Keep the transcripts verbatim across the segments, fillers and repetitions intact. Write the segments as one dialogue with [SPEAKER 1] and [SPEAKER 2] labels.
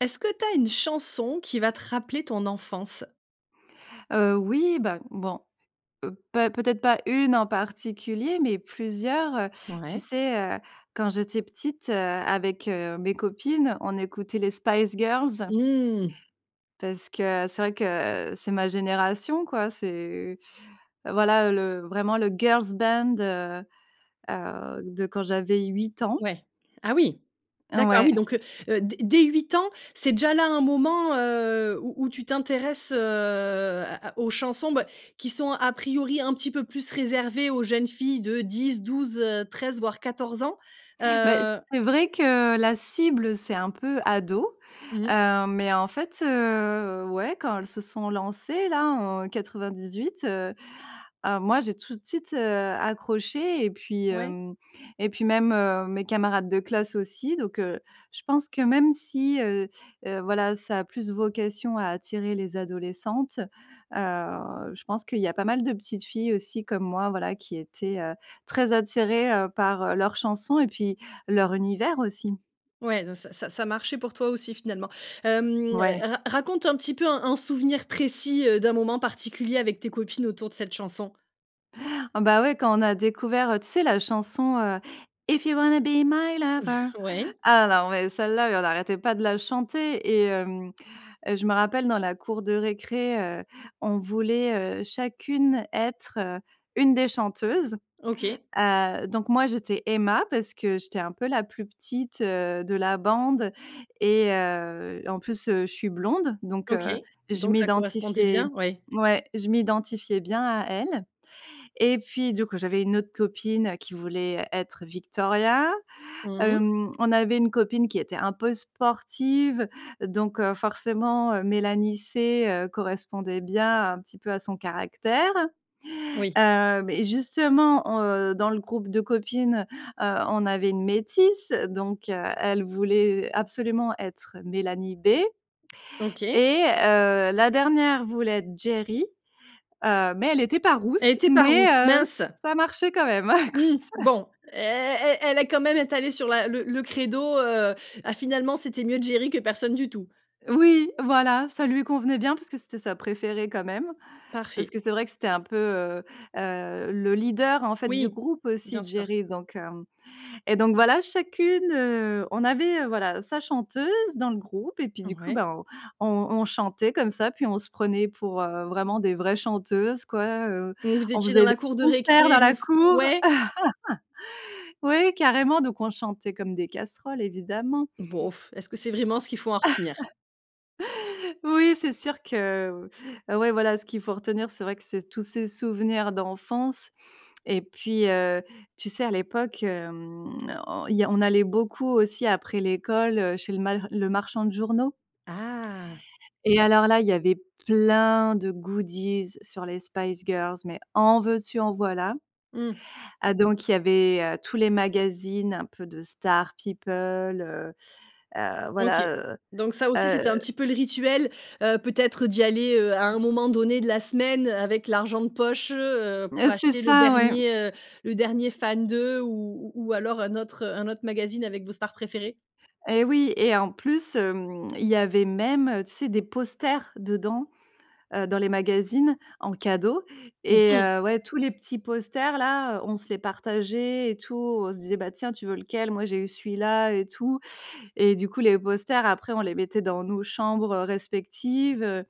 [SPEAKER 1] Est-ce que tu as une chanson qui va te rappeler ton enfance?
[SPEAKER 2] Heu, oui, bah bon, heu, pas peut-être pas une en particulier, mais plusieurs, heu. Tu
[SPEAKER 1] Ouais.
[SPEAKER 2] sais, heu quand j'étais petite, heu, avec, heu, mes copines, on écoutait les Spice Girls
[SPEAKER 1] Mmh.
[SPEAKER 2] parce que, c'est vrai que, heu, c'est ma génération quoi. C'est voilà le vraiment le girls band heu heu, de quand j'avais huit ans.
[SPEAKER 1] Ouais, ah oui, d'accord
[SPEAKER 2] Ouais.
[SPEAKER 1] oui donc, heu, heu, d dès huit ans, c'est déjà là un moment heu où où tu t'intéresses, heu, à à aux chansons, bah, qui sont a priori un petit peu plus réservées aux jeunes filles de dix, douze heu, treize, voire quatorze ans,
[SPEAKER 2] Bah
[SPEAKER 1] heu
[SPEAKER 2] c'est vrai que la cible, c'est un peu ado,
[SPEAKER 1] Mmh mh.
[SPEAKER 2] hem, mais en fait, heu, ouais, quand elles se sont lancées là en quatre-vingt-dix-huit, heu, alors moi j'ai tout de suite, heu, accroché et puis,
[SPEAKER 1] Ouais.
[SPEAKER 2] hem, et puis même, heu, mes camarades de classe aussi. Donc, heu, je pense que même si, heu, heu, voilà ça a plus vocation à attirer les adolescentes, heu, je pense qu'il y a pas mal de petites filles aussi comme moi voilà qui étaient, heu, très attirées, heu, par leurs chansons et puis leur univers aussi.
[SPEAKER 1] Ouais, donc ça ça ça marchait pour toi aussi finalement. Hem,
[SPEAKER 2] Ouais.
[SPEAKER 1] ra raconte un petit peu un un souvenir précis, heu, d'un moment particulier avec tes copines autour de cette chanson.
[SPEAKER 2] Oh, ben, ouais, quand on a découvert, heu, tu sais, la chanson, heu, If you wanna be my lover! Oh
[SPEAKER 1] Ouais.
[SPEAKER 2] là là, mais celle-là, on n'arrêtait pas de la chanter et hem et je me rappelle dans la cour de récré, heu, on voulait, heu, chacune être, heu, une des chanteuses.
[SPEAKER 1] OK.
[SPEAKER 2] Heu, donc moi j'étais Emma parce que j'étais un peu la plus petite, heu, de la bande et heu, en plus, heu, je suis blonde donc,
[SPEAKER 1] OK.
[SPEAKER 2] heu, je
[SPEAKER 1] Donc, ça correspondait bien?
[SPEAKER 2] m'identifiais
[SPEAKER 1] Oui.
[SPEAKER 2] ouais, je m'identifiais bien à elle et puis, du coup, j'avais une autre copine qui voulait être Victoria,
[SPEAKER 1] Mmh mh.
[SPEAKER 2] hem, on avait une copine qui était un peu sportive donc, heu, forcément, heu, Mélanie C, heu, correspondait bien un petit peu à son caractère.
[SPEAKER 1] Oui.
[SPEAKER 2] Hem et justement, heu, dans le groupe de copines, heu, on avait une métisse donc, heu, elle voulait absolument être Mélanie B
[SPEAKER 1] OK.
[SPEAKER 2] et heu, la dernière voulait être Geri, heu, mais elle était pas
[SPEAKER 1] Elle
[SPEAKER 2] rousse.
[SPEAKER 1] était pas
[SPEAKER 2] Mais,
[SPEAKER 1] rousse,
[SPEAKER 2] heu,
[SPEAKER 1] mince!
[SPEAKER 2] ça marchait quand même,
[SPEAKER 1] Mmh.
[SPEAKER 2] écoute.
[SPEAKER 1] Bon e e e elle est quand même est allée sur la le le credo, heu, ah finalement, c'était mieux Geri que personne du tout?
[SPEAKER 2] Oui! Voilà! Ça lui convenait bien parce que c'était sa préférée quand même. Parce
[SPEAKER 1] Parfait.
[SPEAKER 2] que, c'est vrai que, c'était un peu, heu, heu, le leader, en fait, du
[SPEAKER 1] Oui,
[SPEAKER 2] groupe
[SPEAKER 1] bien
[SPEAKER 2] aussi
[SPEAKER 1] sûr.
[SPEAKER 2] Geri donc, hem et donc, voilà. Chacune, heu, on avait, heu, voilà, sa chanteuse dans le groupe et puis, du coup,
[SPEAKER 1] Ouais.
[SPEAKER 2] ben, on on on chantait comme ça puis, on se prenait pour, heu, vraiment des vraies chanteuses, quoi, heu.
[SPEAKER 1] On vous
[SPEAKER 2] On
[SPEAKER 1] étiez dans
[SPEAKER 2] faisait des
[SPEAKER 1] la cour de
[SPEAKER 2] concerts dans
[SPEAKER 1] récré, vous
[SPEAKER 2] la
[SPEAKER 1] f
[SPEAKER 2] cour.
[SPEAKER 1] ouais?
[SPEAKER 2] Ouais, carrément, donc on chantait comme des casseroles, évidemment.
[SPEAKER 1] Bof. Est-ce que c'est vraiment ce qu'il faut en retenir?
[SPEAKER 2] Oui, c'est sûr que ouais, voilà, ce qu'il faut retenir, c'est vrai que c'est tous ces souvenirs d'enfance et puis, heu, tu sais, à l'époque, hem, on il y a on allait beaucoup aussi, après l'école, heu, chez le mal le marchand de journaux
[SPEAKER 1] Ah!
[SPEAKER 2] et alors, là, il y avait plein de goodies sur les Spice Girls mais en veux-tu en voilà.
[SPEAKER 1] Mmh.
[SPEAKER 2] Ah, donc, il y avait, heu, tous les magazines un peu de stars people, heu heu,
[SPEAKER 1] OK,
[SPEAKER 2] voilà, heu
[SPEAKER 1] donc ça, aussi,
[SPEAKER 2] heu.
[SPEAKER 1] c'était un petit peu le rituel, heu, peut-être d'y aller, heu, à un moment donné de la semaine avec l'argent de poche, heu, pour
[SPEAKER 2] Heu, c'est
[SPEAKER 1] acheter le
[SPEAKER 2] ça, ouais.
[SPEAKER 1] dernier, heu, le dernier Fan De, ou ou ou alors un autre un autre magazine avec vos stars préférées?
[SPEAKER 2] Et oui et en plus, hem, il y avait même, heu, tu sais, des posters dedans, heu, dans les magazines, en cadeau
[SPEAKER 1] Mmh
[SPEAKER 2] et
[SPEAKER 1] mh.
[SPEAKER 2] heu, ouais, tous les petits posters-là, on se les partageait et tout. On se disait: «Bah, tiens, tu veux lequel? Moi, j'ai eu celui-là et tout» et du coup, les posters après, on les mettait dans nos chambres respectives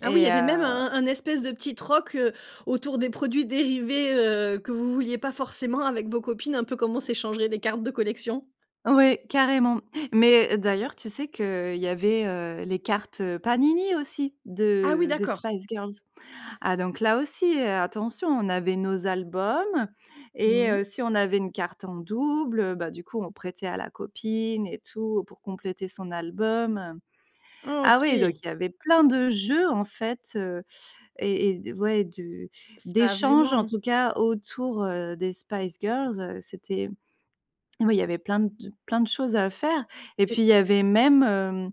[SPEAKER 1] Ah oui, il y
[SPEAKER 2] et
[SPEAKER 1] avait même
[SPEAKER 2] heu.
[SPEAKER 1] un un un espèce de petit troc, heu, autour des produits dérivés, heu, que vous vouliez pas forcément avec vos copines. Un peu comme on
[SPEAKER 2] [unintelligible]
[SPEAKER 1] s'échangeraient des cartes de collection?
[SPEAKER 2] Ouais, carrément. Mais, heu, d'ailleurs, tu sais qu'il y avait, heu, les cartes, heu, Panini aussi
[SPEAKER 1] Ah oui,
[SPEAKER 2] de des
[SPEAKER 1] d'accord!
[SPEAKER 2] Spice Girls. Ah, donc là aussi, heu, attention, on avait nos albums
[SPEAKER 1] Mmh
[SPEAKER 2] et heu,
[SPEAKER 1] mh.
[SPEAKER 2] si on avait une carte en double, heu, bah, du coup, on prêtait à la copine et tout, pour compléter son album.
[SPEAKER 1] Ah,
[SPEAKER 2] Ah oui, donc,
[SPEAKER 1] OK.
[SPEAKER 2] il y avait plein de jeux, en fait, heu et et d ouais de
[SPEAKER 1] Ça a
[SPEAKER 2] d'échanges,
[SPEAKER 1] vraiment,
[SPEAKER 2] en
[SPEAKER 1] hem
[SPEAKER 2] tout cas, autour, heu, des Spice Girls, c'était oui, il y avait plein de plein de choses à faire et
[SPEAKER 1] C'est
[SPEAKER 2] puis, il y avait même, hem,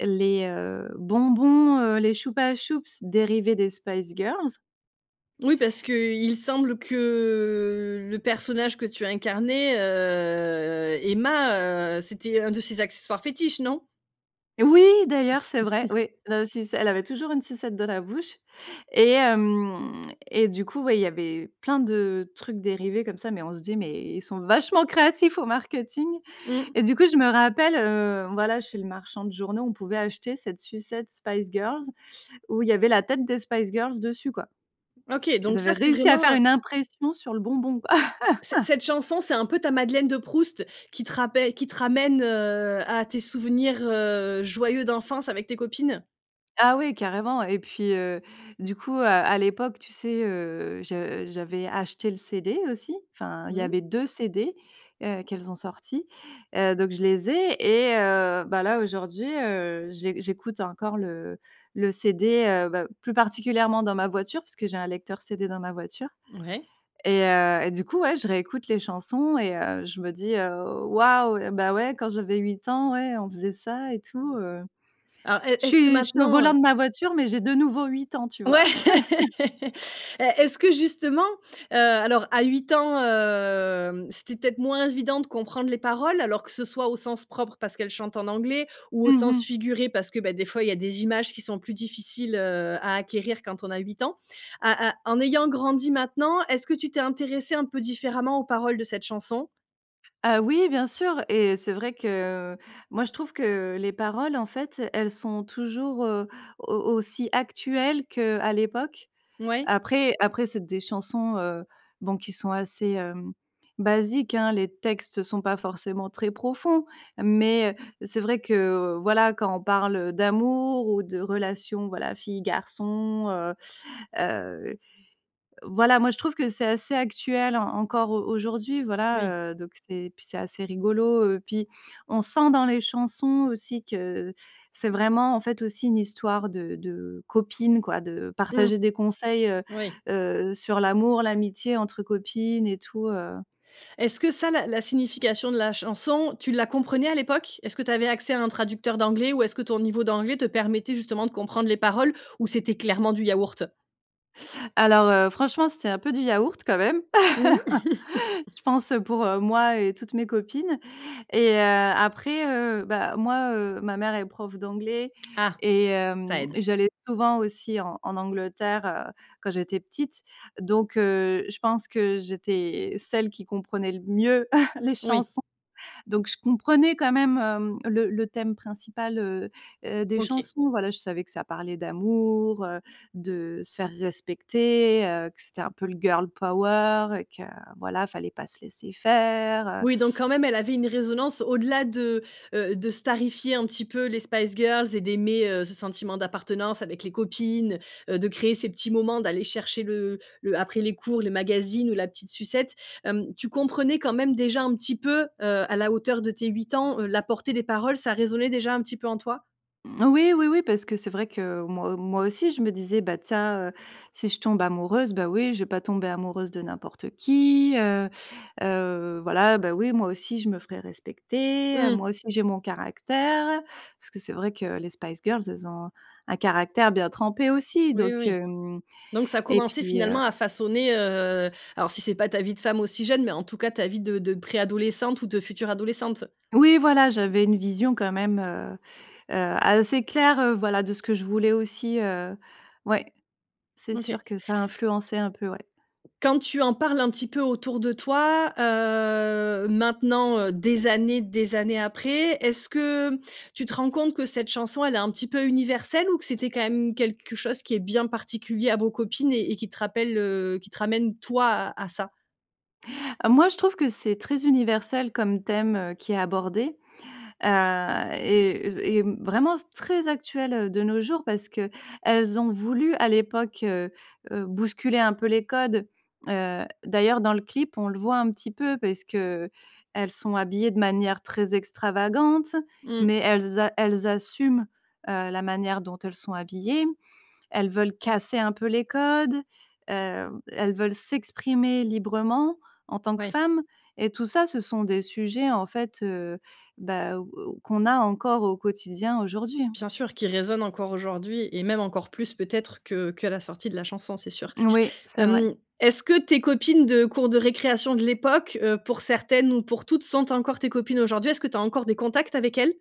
[SPEAKER 2] les, heu, bonbons, heu, les Chupa Chups dérivés des Spice Girls.
[SPEAKER 1] Oui parce qu'il semble que le personnage que tu as incarné, heu, Emma, heu, c'était un de ses accessoires fétiches, non?
[SPEAKER 2] Oui, d'ailleurs, c'est vrai. Ouais, là aussi c'est elle avait toujours une sucette dans la bouche et hem et du coup, ouais, il y avait plein de trucs dérivés comme ça mais on se disait: «Mais ils sont vachement créatifs au marketing»
[SPEAKER 1] Mmh.
[SPEAKER 2] et du coup je me rappelle, heu, voilà chez le marchand de journaux on pouvait acheter cette sucette Spice Girls où il y avait la tête des Spice Girls dessus, quoi.
[SPEAKER 1] OK
[SPEAKER 2] Ils
[SPEAKER 1] donc ça
[SPEAKER 2] avaient
[SPEAKER 1] c'est
[SPEAKER 2] réussi à faire
[SPEAKER 1] vraiment heu
[SPEAKER 2] une impression sur le bonbon quoi.
[SPEAKER 1] ce cette chanson c'est un peu ta madeleine de Proust qui te rappe qui te ramène, heu, à tes souvenirs, heu, joyeux d'enfance avec tes copines?
[SPEAKER 2] Ah ouais carrément et puis, heu, du coup à à l'époque tu sais, heu, je j'avais acheté le CD aussi, enfin il y
[SPEAKER 1] Mmh.
[SPEAKER 2] avait deux CD, heu, qu'elles ont sortis. Heu, donc je les ai et heu, bah, là aujourd'hui, heu, j'é j'écoute encore le le CD, heu, bah, plus particulièrement dans ma voiture puisque j'ai un lecteur CD dans ma voiture
[SPEAKER 1] Ouais.
[SPEAKER 2] et heu et du coup ouais je réécoute les chansons et heu, je me dis: «Heu, waouh et bah ouais quand j'avais huit ans, ouais, on faisait ça et tout», heu.
[SPEAKER 1] Alors est
[SPEAKER 2] Je
[SPEAKER 1] est-ce que
[SPEAKER 2] suis je suis au
[SPEAKER 1] maintenant, heu
[SPEAKER 2] volant de ma voiture mais j'ai de nouveau huit ans, tu vois?
[SPEAKER 1] Ouais! Est est-ce que justement, heu, alors à huit ans, heu, c'était peut-être moins évident de comprendre les paroles alors que ce soit au sens propre parce qu'elles chantent en anglais ou au
[SPEAKER 2] Mmh
[SPEAKER 1] sens
[SPEAKER 2] mh.
[SPEAKER 1] figuré parce que, beh, des fois il y a des images qui sont plus difficiles, heu, à acquérir quand on a huit ans. À à en ayant grandi maintenant, est-ce que tu t'es intéressée un peu différemment aux paroles de cette chanson?
[SPEAKER 2] Ah oui, bien sûr et c'est vrai que, heu, moi, je trouve que les paroles, en fait, elles sont toujours, heu, au aussi actuelles qu'à l'époque.
[SPEAKER 1] Mouais.
[SPEAKER 2] Après après c'est des chansons, heu, bon qui sont assez, hem, basiques, hein, les textes sont pas forcément très profonds, mais c'est vrai que, heu, voilà quand on parle d'amour ou de relation voilà fille garçon, heu, heu, voilà moi je trouve que c'est assez actuel en encore au aujourd'hui
[SPEAKER 1] Oui.
[SPEAKER 2] voilà, heu, donc c'est puis c'est assez rigolo. Heu, puis on sent dans les chansons aussi que c'est vraiment en fait aussi une histoire de de copines quoi de
[SPEAKER 1] Mmh,
[SPEAKER 2] partager des conseils, heu,
[SPEAKER 1] oui.
[SPEAKER 2] heu, sur l'amour, l'amitié entre copines et tout, heu.
[SPEAKER 1] Est-ce que ça la la signification de la chanson, tu la comprenais à l'époque? Est-ce que tu avais accès à un traducteur d'anglais ou est-ce que ton niveau d'anglais te permettait justement de comprendre les paroles ou c'était clairement du yaourt?
[SPEAKER 2] Alors, heu, franchement c'était un peu du yaourt quand même,
[SPEAKER 1] Mmh mh.
[SPEAKER 2] je pense, heu, pour, heu, moi et toutes mes copines et heu, après, heu, bah, moi, heu, ma mère est prof d'anglais
[SPEAKER 1] Ah!
[SPEAKER 2] et
[SPEAKER 1] Ça
[SPEAKER 2] hem
[SPEAKER 1] aide.
[SPEAKER 2] et j'allais souvent aussi en en Angleterre, heu, quand j'étais petite donc, heu, je pense que j'étais celle qui comprenait le mieux les
[SPEAKER 1] Oui.
[SPEAKER 2] chansons. Donc je comprenais quand même, heu, le le thème principal, heu heu, des
[SPEAKER 1] OK.
[SPEAKER 2] chansons. Voilà, je savais que ça parlait d'amour, heu, de se faire respecter, heu, que c'était un peu le Girl power et que, voilà, il fallait pas se laisser faire, heu
[SPEAKER 1] Oui donc quand même, elle avait une résonance au-delà de, heu, de starifier un petit peu les Spice Girls et d'aimer, heu, ce sentiment d'appartenance avec les copines, heu, de créer ces petits moments, d'aller chercher le le après les cours, le magazine ou la petite sucette, hem, tu comprenais quand même déjà un petit peu, heu, à la hauteur de tes huit ans, heu, la portée des paroles, ça résonnait déjà un petit peu en toi?
[SPEAKER 2] Mmh oui, oui, oui, parce que c'est vrai que moi moi aussi, je me disais: «Bah, tiens, heu, si je tombe amoureuse, bah, oui, je vais pas tomber amoureuse de n'importe qui, heu heu, voilà, bah, oui moi aussi je me ferai respecter, heu,
[SPEAKER 1] Mmh.
[SPEAKER 2] moi aussi j'ai mon caractère». Parce que c'est vrai que les Spice Girls, elles ont un caractère bien trempé aussi
[SPEAKER 1] Oui, oui,
[SPEAKER 2] donc
[SPEAKER 1] oui.
[SPEAKER 2] hem
[SPEAKER 1] Donc ça a
[SPEAKER 2] et
[SPEAKER 1] commencé
[SPEAKER 2] puis heu
[SPEAKER 1] finalement à façonner, heu, alors si c'est pas ta vie de femme aussi jeune, mais en tout cas ta vie de de pré-adolescente ou de future adolescente.
[SPEAKER 2] oui voilà, j'avais une vision quand même, heu heu, assez claire, heu, voilà de ce que je voulais aussi, heu ouais, c'est
[SPEAKER 1] OK.
[SPEAKER 2] sûr que ça influençait un peu ouais.
[SPEAKER 1] Quand tu en parles un petit peu autour de toi, heu, maintenant, heu, des années, des années après, est-ce que tu te rends compte que cette chanson elle est un petit peu universelle ou que c'était quand même quelque chose qui est bien particulier à vos copines et et qui te rappelle, heu, qui te ramène toi à à ça?
[SPEAKER 2] Ah, moi je trouve que c'est très universel comme thème, heu, qui est abordé, heu et et et vraiment s très actuel, heu, de nos jours. Parce qu'elles ont voulu à l'époque, heu heu, bousculer un peu les codes, heu, d'ailleurs dans le clip, on le voit un petit peu parce qu'elles sont habillées de manière très extravagante,
[SPEAKER 1] Mmh.
[SPEAKER 2] mais elles a elles assument, heu, la manière dont elles sont habillées. Elles veulent casser un peu les codes, heu, elles veulent s'exprimer librement en tant que
[SPEAKER 1] Ouais.
[SPEAKER 2] femmes et tout ça, ce sont des sujets en fait, heu, bah, ou ou qu'on a encore au quotidien aujourd'hui, hein.
[SPEAKER 1] Bien sûr, qui résonne encore aujourd'hui et même encore plus peut-être que que la sortie de la chanson, c'est sûr,
[SPEAKER 2] Moui, c'est vrai.
[SPEAKER 1] hem, est-ce que tes copines de cour de récréation de l'époque, heu, pour certaines ou pour toutes, sont encore tes copines aujourd'hui? Est-ce que tu as encore des contacts avec elles?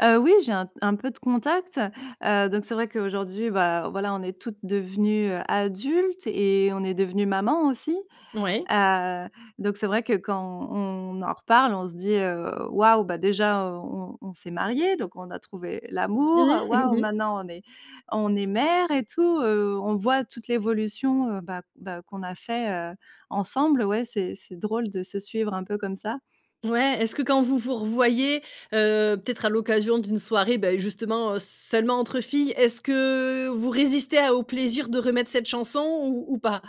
[SPEAKER 2] Heu, oui, j'ai un un peu de contact. Heu, donc c'est vrai qu'aujourd'hui, beh, voilà on est toutes devenues, heu, adultes et on est devenues mamans aussi.
[SPEAKER 1] Ouais.
[SPEAKER 2] Heu, donc c'est vrai que quand on en reparle on se dit: «Heu, waouh, beh, déjà, heu, on on s'est mariées donc on a trouvé l'amour
[SPEAKER 1] Mmh mh.
[SPEAKER 2] waouh maintenant on est, on est mère et tout, heu». On voit toute l'évolution, heu, bah bah, qu'on a fait, heu, ensemble. Ouais c'est c'est drôle de se suivre un peu comme ça.
[SPEAKER 1] Ouais. Est-ce que quand vous vous revoyez, heu, peut-être à l'occasion d'une soirée, beh, justement seulement entre filles, est-ce que vous résistez à au plaisir de remettre cette chanson ou ou pas?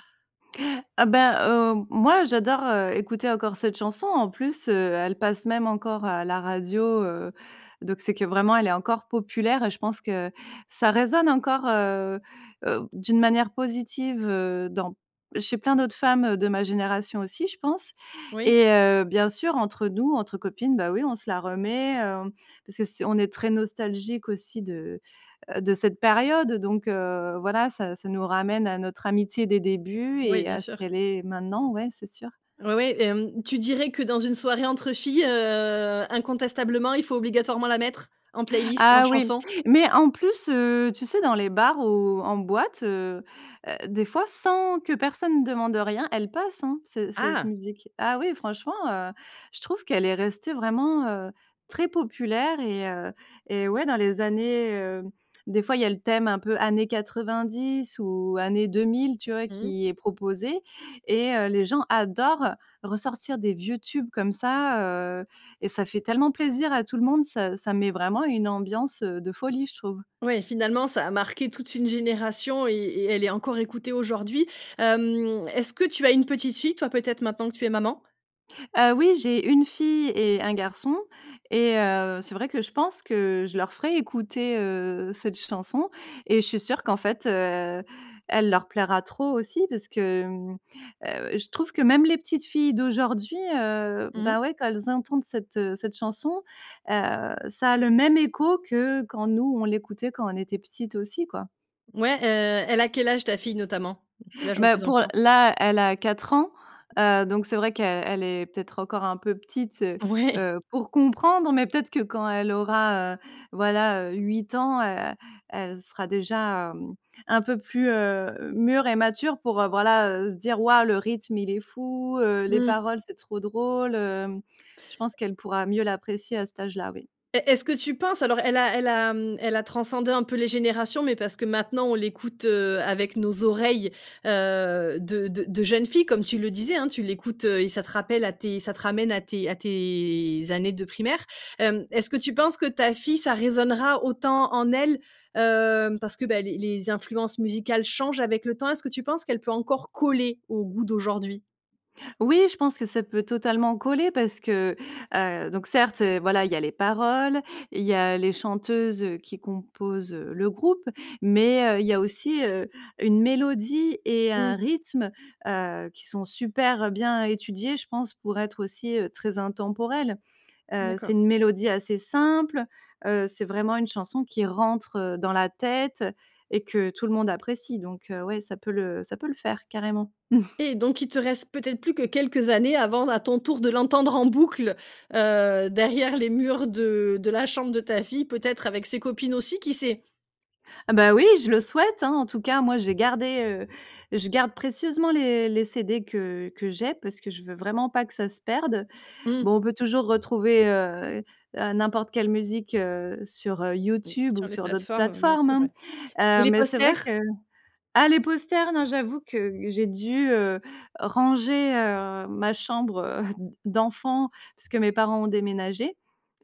[SPEAKER 2] Ah, ben, heu, moi j'adore, heu, écouter encore cette chanson en plus, heu, elle passe même encore à la radio, heu, donc c'est que vraiment elle est encore populaire et je pense que ça résonne encore, heu heu, d'une manière positive, heu, dans chez plein d'autres femmes, heu, de ma génération aussi, je pense
[SPEAKER 1] Oui.
[SPEAKER 2] et heu, bien sûr entre nous entre copines ben oui on se la remet, heu, parce que si on est très nostalgique aussi de, heu de cette période donc, heu, voilà. Ça ça nous ramène à notre amitié des débuts
[SPEAKER 1] Oui,
[SPEAKER 2] et
[SPEAKER 1] bien
[SPEAKER 2] à ce
[SPEAKER 1] sûr.
[SPEAKER 2] qu'elle est maintenant. Ouais c'est sûr.
[SPEAKER 1] Ouais, ouais, hem, tu dirais que dans une soirée entre filles, heu, incontestablement il faut obligatoirement la mettre, en playlist en
[SPEAKER 2] Ah oui,
[SPEAKER 1] chanson?
[SPEAKER 2] mais en plus, heu, tu sais dans les bars ou en boîte, heu heu, des fois sans que personne demande rien, elle passe, hein c cette
[SPEAKER 1] Ah.
[SPEAKER 2] musique. Ah oui, franchement, heu, je trouve qu'elle est restée vraiment, heu, très populaire et, heu et ouais dans les années, heu des fois il y a le thème un peu années quatre-vingt-dix ou années deux-mille, tu vois?
[SPEAKER 1] Mmh.
[SPEAKER 2] Qui est proposé et heu, les gens adorent ressortir des vieux tubes comme ça, heu et ça fait tellement plaisir à tout le monde ça ça met vraiment une ambiance, heu, de folie je trouve.
[SPEAKER 1] Ouais, finalement ça a marqué toute une génération et et elle est encore écoutée aujourd'hui. Hem, est-ce que tu as une petite fille toi peut-être maintenant que tu es maman?
[SPEAKER 2] Heu, oui j'ai une fille et un garçon et heu, c'est vrai que je pense que je leur ferai écouter, heu, cette chanson et je suis sûre qu'en fait, heu, elle leur plaira trop aussi parce que, heu, je trouve que même les petites filles d'aujourd'hui, heu,
[SPEAKER 1] Mmh.
[SPEAKER 2] ben, ouais quand elles entendent cette, heu cette chanson, heu. Ça a le même écho que quand nous on l'écoutait quand on était petites aussi quoi.
[SPEAKER 1] Ouais. Heu, elle a quel âge ta fille notamment? Quel âge ont
[SPEAKER 2] Ben,
[SPEAKER 1] tes
[SPEAKER 2] pour
[SPEAKER 1] enfants?
[SPEAKER 2] là elle a quatre ans, heu, donc c'est vrai qu'elle est peut-être encore un peu petite, heu
[SPEAKER 1] Ouais.
[SPEAKER 2] heu, pour comprendre mais peut-être que quand elle aura, heu, voilà, heu, huit ans, heu, elle sera déjà, heu, un peu plus, heu, mûre et mature pour voilà se dire: «Waouh, le rythme il est fou, heu, les
[SPEAKER 1] Mmh.
[SPEAKER 2] paroles c'est trop drôle, heu». Je pense qu'elle pourra mieux l'apprécier à cet âge-là oui.
[SPEAKER 1] Est est-ce que tu penses, alors elle a elle a elle a transcendé un peu les générations, mais parce que maintenant on l'écoute, heu, avec nos oreilles, heu, de de de jeunes filles comme tu le disais, hein. Tu l'écoutes, heu, et ça te rappelle à tes ça te ramène à tes à tes années de primaire. Hem, est-ce que tu penses que ta fille ça résonnera autant en elle, heu, parce que, beh, les les influences musicales changent avec le temps? Est-ce que tu penses qu'elle peut encore coller au goût d'aujourd'hui?
[SPEAKER 2] Oui, je pense que ça peut totalement coller parce que, heu, donc certes, heu, voilà il y a les paroles, il y a les chanteuses, heu, qui composent, heu, le groupe mais, heu, il y a aussi, heu, une mélodie et un
[SPEAKER 1] Mmh.
[SPEAKER 2] rythme, heu, qui sont super bien étudiés je pense pour être aussi, heu, très intemporels. Heu, c'est
[SPEAKER 1] D'accord.
[SPEAKER 2] une mélodie assez simple, heu, c'est vraiment une chanson qui rentre, heu, dans la tête et que tout le monde apprécie donc, heu, ouais ça peut le ça peut le faire carrément.
[SPEAKER 1] Et donc il te reste peut-être plus que quelques années avant à ton tour de l'entendre en boucle! Heu, derrière les murs de de la chambre de ta fille peut-être avec ses copines aussi qui sait!
[SPEAKER 2] Ah bah oui je le souhaite hein! En tout cas moi j'ai gardé, heu, je garde précieusement les les CD que que j'ai parce que je veux vraiment pas que ça se perde.
[SPEAKER 1] Mmh.
[SPEAKER 2] Bon on peut toujours retrouver, heu heu, n'importe quelle musique, heu, sur, heu,
[SPEAKER 1] Mmh,
[SPEAKER 2] YouTube ou
[SPEAKER 1] sur les
[SPEAKER 2] sur d'autres
[SPEAKER 1] plateformes bien
[SPEAKER 2] plateformes
[SPEAKER 1] sûr ouais.
[SPEAKER 2] hein.
[SPEAKER 1] Et
[SPEAKER 2] Heu,
[SPEAKER 1] les
[SPEAKER 2] mais c'est vrai
[SPEAKER 1] posters?
[SPEAKER 2] que ah les poster non j'avoue que j'ai dû, heu, ranger, heu, ma chambre, heu, d d'enfant parce que mes parents ont déménagé.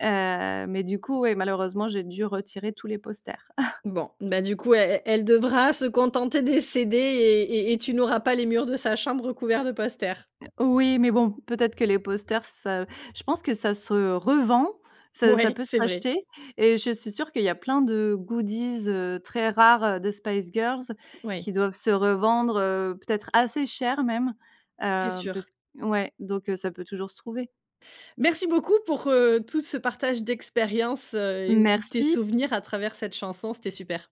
[SPEAKER 2] Heu, mais du coup ouais malheureusement j'ai dû retirer tous les posters.
[SPEAKER 1] Bon bah du coup e e elle devra se contenter des CD et et et tu n'auras pas les murs de sa chambre
[SPEAKER 2] M
[SPEAKER 1] recouvert de posters.
[SPEAKER 2] Oui mais bon peut-être que les posters ça je pense que ça se revend, ça ça
[SPEAKER 1] Ouais
[SPEAKER 2] peut se
[SPEAKER 1] c'est vrai.
[SPEAKER 2] racheter et je suis sûr qu'il y a plein de goodies, heu, très rares, heu, de Spice Girls
[SPEAKER 1] Ouais.
[SPEAKER 2] qui doivent se revendre, heu, peut-être assez cher même,
[SPEAKER 1] C'est
[SPEAKER 2] heu,
[SPEAKER 1] sûr.
[SPEAKER 2] pass ouais donc, heu, ça peut toujours se trouver.
[SPEAKER 1] Merci beaucoup pour, heu, tout ce partage d'expériences, heu et aussi de tes
[SPEAKER 2] Merci.
[SPEAKER 1] souvenirs à travers cette chanson, c'était super.